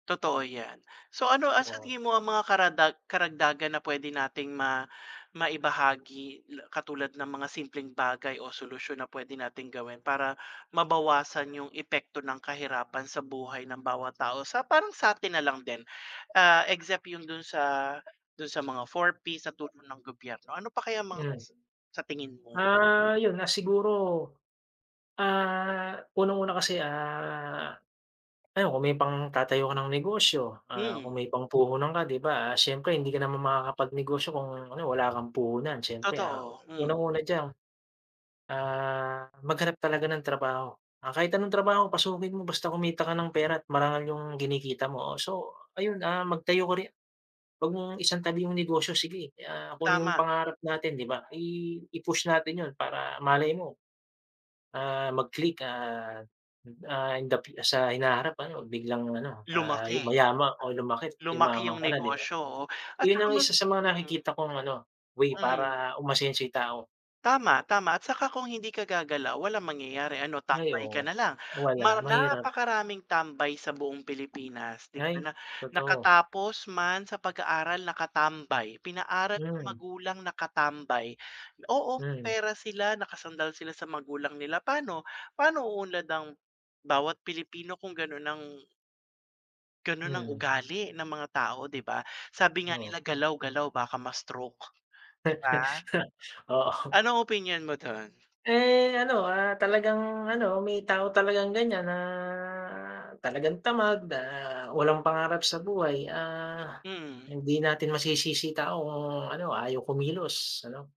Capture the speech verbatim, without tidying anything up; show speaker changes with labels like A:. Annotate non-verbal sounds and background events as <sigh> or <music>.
A: Totoo 'yan. So, ano ang sa
B: True.
A: tingin mo ang mga karadag karagdagan na pwede nating ma maibahagi la katulad ng mga simpleng bagay o solusyon na pwede nating gawin para mabawasan yung epekto ng kahirapan sa buhay ng bawat tao sa parang sa'tin nalang din, ah, except yung dun sa dun sa mga four P's na tulong ng gobyerno. Ano pa kaya mga
B: 'Yan.
A: sa tingin mo?
B: Ah, yun, ah, siguro, ah, unang-una kasi, ah, ano, kung may pangtatayo ka ng negosyo, ah,
A: Mm.
B: kung may pangpuhunan ka, di ba, ah, siyempre hindi ka naman makakapagnegosyo kung, ano, wala kang puhunan. Siyempre, ah,
A: Totoo, mm.
B: unang-una diyan, ah, maghanap talaga ng trabaho. Ah, kahit anong trabaho pasukin mo basta kumita ka ng pera at marangal yung kinikita mo. So, ayun, ah, magtayo ko ri wag mong isantabi yung negosyo. Sige, ah, kung ano yung
A: Tama.
B: pangarap natin, di ba, i i-push natin yun para malay mo, ah, mag click at, ah, in the fu sa hinaharap ano biglang ano, ah,
A: Lumaki.
B: yuma o lumaki't
A: Lumaki
B: yumaman
A: yung
B: ka na di ba?
A: negosyo, oh. At
B: Yun
A: saka
B: ang
A: mas
B: isa sa mga
A: mm.
B: nakikita kong, ano, way
A: Mm.
B: para umasenso yung tao.
A: Tama, tama. At saka kung hindi ka gagalaw, walang mangyayari. Ano,
B: Ay
A: tambay ka
B: oo.
A: na lang.
B: Wala,
A: Mar
B: mahirap.
A: napakaraming tambay sa buong Pilipinas, 'di ba, na na
B: Ay, totoo.
A: nakatapos man sa pag-aaral, nakatambay. Pinaaral ng
B: Mm.
A: magulang, nakatambay. Oo, may
B: Mm.
A: pera sila, nakasandal sila sa magulang nila. Paano, paano uunlad ang bawat Pilipino kung gano'n ang ganun ang
B: Mm.
A: ugali ng mga tao, di ba? Sabi nga
B: Oo.
A: nila galaw-galaw baka ma-stroke, di ba?
B: <laughs> Oo.
A: Anong opinyon mo dun?
B: Eh, ano, ah, talagang ano, may tao talagang ganyan na talagang tamad, na walang pangarap sa buhay, ah,
A: Mm.
B: hindi natin masisisi yung tao kung ano, ayaw kumilos ano.